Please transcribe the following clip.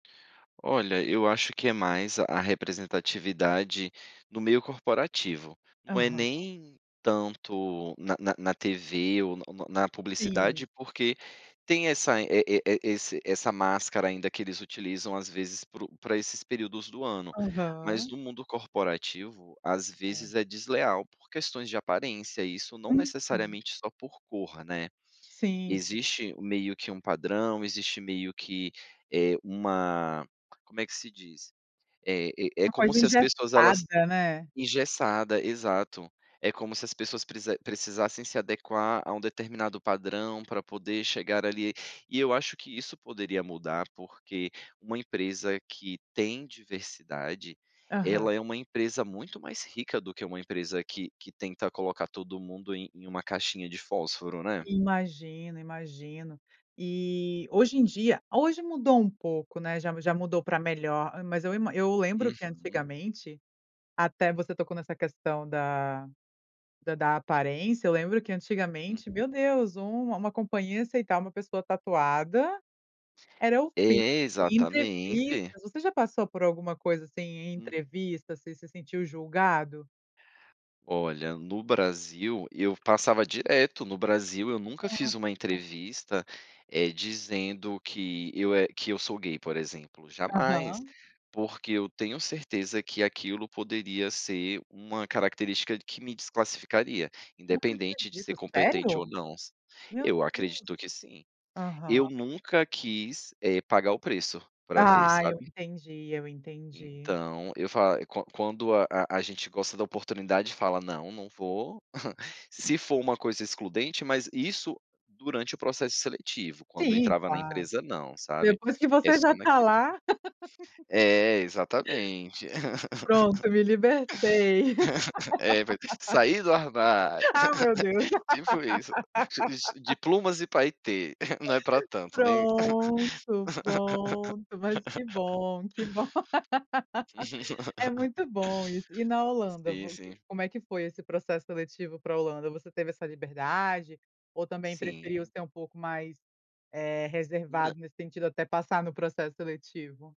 Olha, eu acho que é mais a representatividade no meio corporativo, não é Aham. nem tanto na na na TV ou na na Sim. publicidade, porque tem essa e e-e esse essa máscara ainda que eles utilizam às vezes pro pra esses períodos do ano. Mas Aham. no mundo corporativo, às É. vezes é desleal por questões de aparência, isso não Uhum. necessariamente só por cor, né. Sim, sim. Existe meio que um padrão, existe meio que, eh, uma, como é que se diz? É é é Uma como coisa se as pessoas elas engessada, né. engessada, exato. É como se as pessoas precisa precisassem se adequar a um determinado padrão pra poder chegar ali, e eu acho que isso poderia mudar, porque uma empresa que tem diversidade, Aham. ela é uma empresa muito mais rica do que uma empresa que que tenta colocar todo mundo em em uma caixinha de fósforo, né. Imagino, imagino. E hoje em dia, hoje mudou um pouco, né, já já mudou pra melhor. Mas eu ima eu lembro que Uhum. antigamente, até você tocou nessa questão da da da aparência, eu lembro que antigamente, Uhum. meu Deus, um uma companhia aceitar uma pessoa tatuada era o fim, É, e em exatamente. entrevistas você já passou por alguma coisa assim em Hum. entrevista? Você se sentiu julgado? Olha, no Brasil eu passava direto, no Brasil eu nunca fiz Nossa. uma entrevista, eh, dizendo que eu e que eu sou gay, por exemplo, jamais. Aham. Porque eu tenho certeza que aquilo poderia ser uma característica que me desclassificaria, Não independente de acredito, ser competente ou sério? não. Meu Eu Deus. acredito que sim. Aham. Eu nunca quis, eh, pagar o preço pra ver, Ah, eu sabe. entendi, eu entendi. Então, eu fa quan quando a a gente gosta da oportunidade, fala: "Não, não vou", se for uma coisa excludente, mas isso durante o processo seletivo, quando Sim, entrava na claro. empresa não, sabe. Depois que É você só já tá naquele lá. É, exatamente. Pronto, me libertei. É, vai sair do armário, Ah, meu Deus. tipo isso. De plumas e paetê, não é pra tanto, né. Pronto, pronto, mas que bom, que bom. É muito bom isso. E na Holanda Sim vo sim. como é que foi esse processo seletivo pra Holanda, você teve essa liberdade ou também preferiu Sim. ser um pouco mais, eh, Nã reservado nesse sentido até passar no processo seletivo?